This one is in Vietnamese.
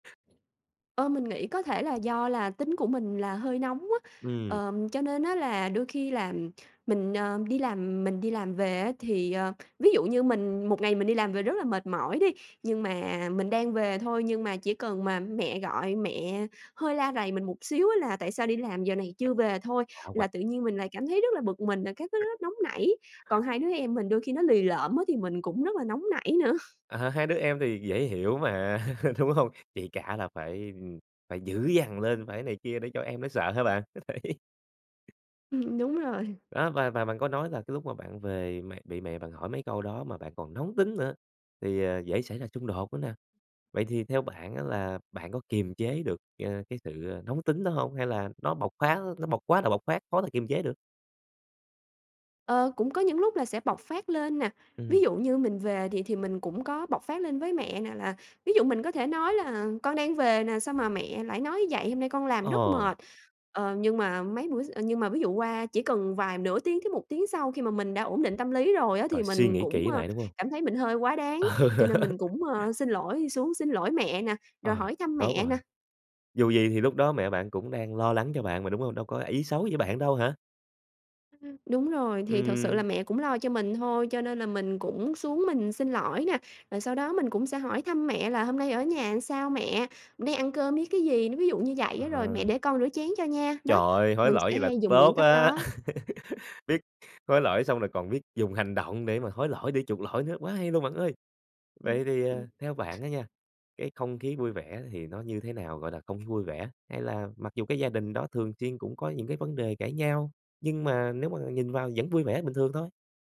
Ơ, mình nghĩ có thể là do là tính của mình là hơi nóng á, Ừm. ờm, cho nên á là đôi khi làm mình, ờ, đi làm mình đi làm về á thì, ờ, ví dụ như mình một ngày mình đi làm về rất là mệt mỏi đi, nhưng mà mình đang về thôi nhưng mà chỉ cần mà mẹ gọi mẹ hơi la rầy mình một xíu á là "Tại sao đi làm giờ này chưa về?" [unintelligible] thôi, Hạ quà. là tự nhiên mình lại cảm thấy rất là bực mình rồi các thứ rất nóng nảy, còn hai đứa em mình đôi khi nó lì lợm á thì mình cũng rất là nóng nảy nữa. À, hai đứa em thì dễ hiểu mà, đúng hông? Chị cả là phải, ừm, phải dữ dằn lên, phải này kia để cho em nó sợ hả bạn? Đấy Ừm, đúng rồi. Đó và và bạn có nói là cái lúc mà bạn về mẹ bị mẹ bạn hỏi mấy câu đó mà bạn còn nóng tính nữa, thì, ờ, dễ xảy ra xung đột nữa nè. Vậy thì theo bạn á là bạn có kiềm chế được, ờ, cái sự, ờ, nóng tính đó hông? Hay là nó bộc phát á, nó bộc quá là bộc phát khó là kiềm chế được? Ờ, cũng có những lúc là sẽ bộc phát lên nè, ví Ừm. dụ như mình về thì thì mình cũng có bộc phát lên với mẹ nè là ví dụ mình có thể nói là "Con đang về nè, sao mà mẹ lại nói vậy? Hôm nay con làm rất Ờ. mệt." Ờ, nhưng mà mấy bữa x ơ, nhưng mà ví dụ qua chỉ cần vài nửa tiếng tới 1 tiếng sau khi mà mình đã ổn định tâm lý rồi á thì Rồi suy mình nghĩ cũng, kỹ ơ, lại, đúng hông? cảm thấy mình hơi quá đáng, Ờ. cho nên mình cũng, ờ, xin lỗi, xuống xin lỗi mẹ nà, rồi Ờ, hỏi thăm tốt mẹ nà. rồi, dù gì thì lúc đó mẹ bạn cũng đang lo lắng cho bạn mà, đúng hông? Đâu có ý xấu với bạn đâu hả? Ừm, đúng rồi, thì thực sự là Ừm. mẹ cũng lo cho mình thôi, cho nên là mình cũng xuống mình xin lỗi nà, rồi sau đó mình cũng sẽ hỏi thăm mẹ là "Hôm nay ở nhà sao mẹ? Nay ăn cơm với cái gì?" nó ví dụ như vậy á rồi: "Mẹ À. để con rửa chén cho nha" Trời đó, ơi! Hối mình lỗi sẽ vậy là hay dùng những tốt cách á. đó. Biết hối lỗi xong rồi còn biết dùng hành động để mà hối lỗi, để chuộc lỗi nữa, quá hay luôn bạn ơi. Ừm, Vậy thì, ừm. à, theo bạn á nha, cái không khí vui vẻ thì nó như thế nào, gọi là, không khí vui vẻ? Hay là mặc dù cái gia đình đó thường chiên cũng có những cái vấn đề cãi nhau, nhưng mà nếu mọi người nhìn vào vẫn vui vẻ bình thường thôi?